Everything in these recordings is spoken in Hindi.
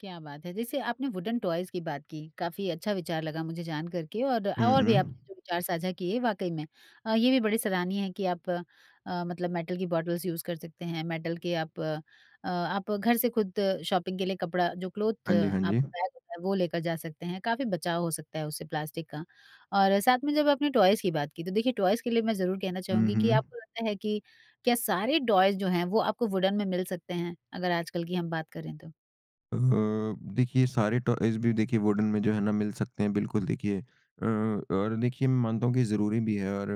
क्या बात है! जैसे आपने वुडन टॉयज़ की बात की काफ़ी अच्छा विचार लगा मुझे जान कर के। और हुँ, और भी हुँ। आपने जो विचार साझा किए वाक़ई में अ, ये भी बड़े सराहनीय है कि आप अ, मतलब मेटल की बॉटल्स यूज़ कर सकते हैं। मेटल के आप अ, आप घर से खुद शॉपिंग के लिए कपड़ा जो क्लॉथ हाँ जी, हाँ जी। आपका बैग होता है वो लेकर जा सकते हैं, काफ़ी बचाव हो सकता है उससे प्लास्टिक का। और साथ में जब आपने टॉयज़ की बात की तो देखिए टॉयज़ के लिए मैं ज़रूर कहना हुँ, चाहूँगी कि हुँ। आपको लगता है कि क्या सारे टॉयज़ जो हैं वो आपको वुडन में मिल सकते हैं? अगर आजकल की हम बात करें तो? अ, देखिए सारे टॉयज़ भी देखिए वुडन में जो है ना मिल सकते हैं। बिल्कुल देखिए अ, और देखिए मैं मानता हूँ कि ज़रूरी भी है और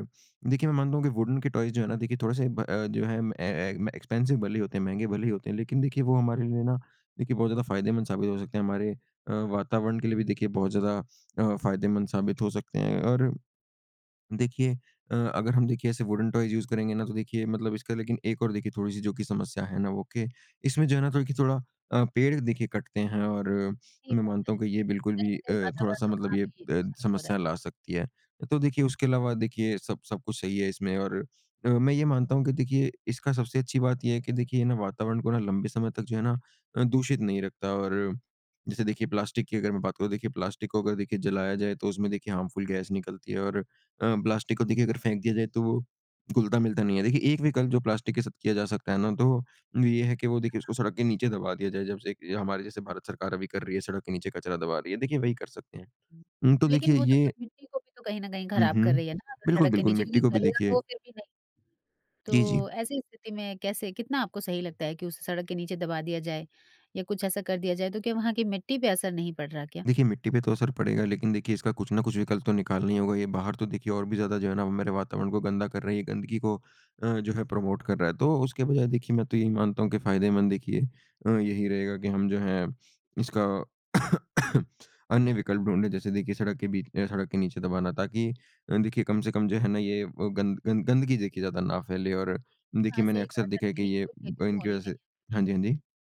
देखिए मैं मानता हूँ कि वुडन के टॉयज़ जो है ना देखिए थोड़े से ब अ, जो हैं ए ए एक्सपेंसिव भले ही होते हैं, महँगे भले ही होते हैं। लेकिन देखिए वो हमारे लिए ना देखिए बहुत ज़्यादा फायदेमंद साबित हो सकते हैं। हमारे अ, वातावरण के लिए भी देखिए बहुत ज़्यादा अ, फायदेमंद साबित हो सकते हैं। और देखिए अ, अगर हम देखिए ऐसे वुडन टॉयज़ यूज़ करेंगे ना तो देखिए मतलब इसका लेकिन एक और देखिए थोड़ी-सी जो कि समस्या है ना वो के इसमें जो है ना कि थोड़ी कि थोड़ा अ, पेड़ देखिए कटते हैं और सही मैं बात मानता है। हूँ कि ये बिल्कुल कहीं भी न अ, कहीं वातावरण थोड़ा-सा तो मतलब वहाँ ये भी अ, नुकसान हो रहा है। समस्या ला सकती है। तो देखिए उसके अलावा देखिए सब सब कुछ सही है इसमें और अ, मैं ये मानता हूँ कि देखिए इसका सबसे अच्छी बात ये है कि देखिए ये ना वातावरण को ना लंबे समय तक जो है ना अ, दूषित नहीं रखता। और जैसे देखिए प्लास्टिक की अगर मैं बात करूँ देखिए प्लास्टिक को अगर देखिए जलाया जाए। तो उसमें देखिए हार्मफुल गैस निकलती है और अ, प्लास्टिक को देखिए अगर फेंक दिया जाए तो वो घुलता-मिलता नहीं है। देखिए एक विकल्प जो प्लास्टिक के साथ किया जा सकता है ना, तो वो ये है कि वो देखिए उसको [unintelligible] सड़क के नीचे दबा दिया जाए। जब से हमारे जैसे [unintelligible] भारत सरकार अभी कर रही है सड़क के नीचे कचरा दबा रही है। देखिए वही कर सकते हैं। हुँ, तो देखिए लेकिन वो तो ये फ़िर मिट्टी को भी तो कहीं न कहीं हुँ, खराब कर हुँ। रही है ना। अगर बिल्कुल, सड़क के बिल्कुल नीचे मिट्टी क्योंकि को भी गलेगा तो वो देखिए फ़िर भी नहीं। जी, तो जी। ऐसी स्थिति में कैसे कितना आपको सही लगता है कि उसे सड़क के नीचे दबा दिया जाए या कुछ ऐसा कर दिया जाए। तो क्या वहाँ की मिट्टी पे असर नहीं पड़ रहा है क्या? देखिए, मिट्टी पे तो असर पड़ेगा। लेकिन देखिए इसका कुछ न कुछ विकल्प तो निकालना ही होगा ये बाहर तो देखिए और भी ज़्यादा जो है ना मेरे वातावरण को गंदा कर रहे हैं। ये गंदगी को अ, जो है प्रमोट कर रहा है। तो उसके बजाए देखिए मैं तो यही मानता हूँ कि फायदेमंद देखिए अ, यही रहेगा की हम जो हैं इसका अन्य विकल्प ढूँढे जैसे देखिए सड़क के बीच अ, सड़क के नीचे दबाना। ताकि अ, देखिए कम से कम जो है ना ये अ, गंद गंद गंदगी देखिए ज़्यादा ना फ़ैले और हाँ, देखिए मैंने सही कहा। अक्सर देखा सड़क है के कि नीचे ये कोई खेती अ, तो इनकी होनी वजह नहीं से हाँ है। जी, बिल हाँ जी।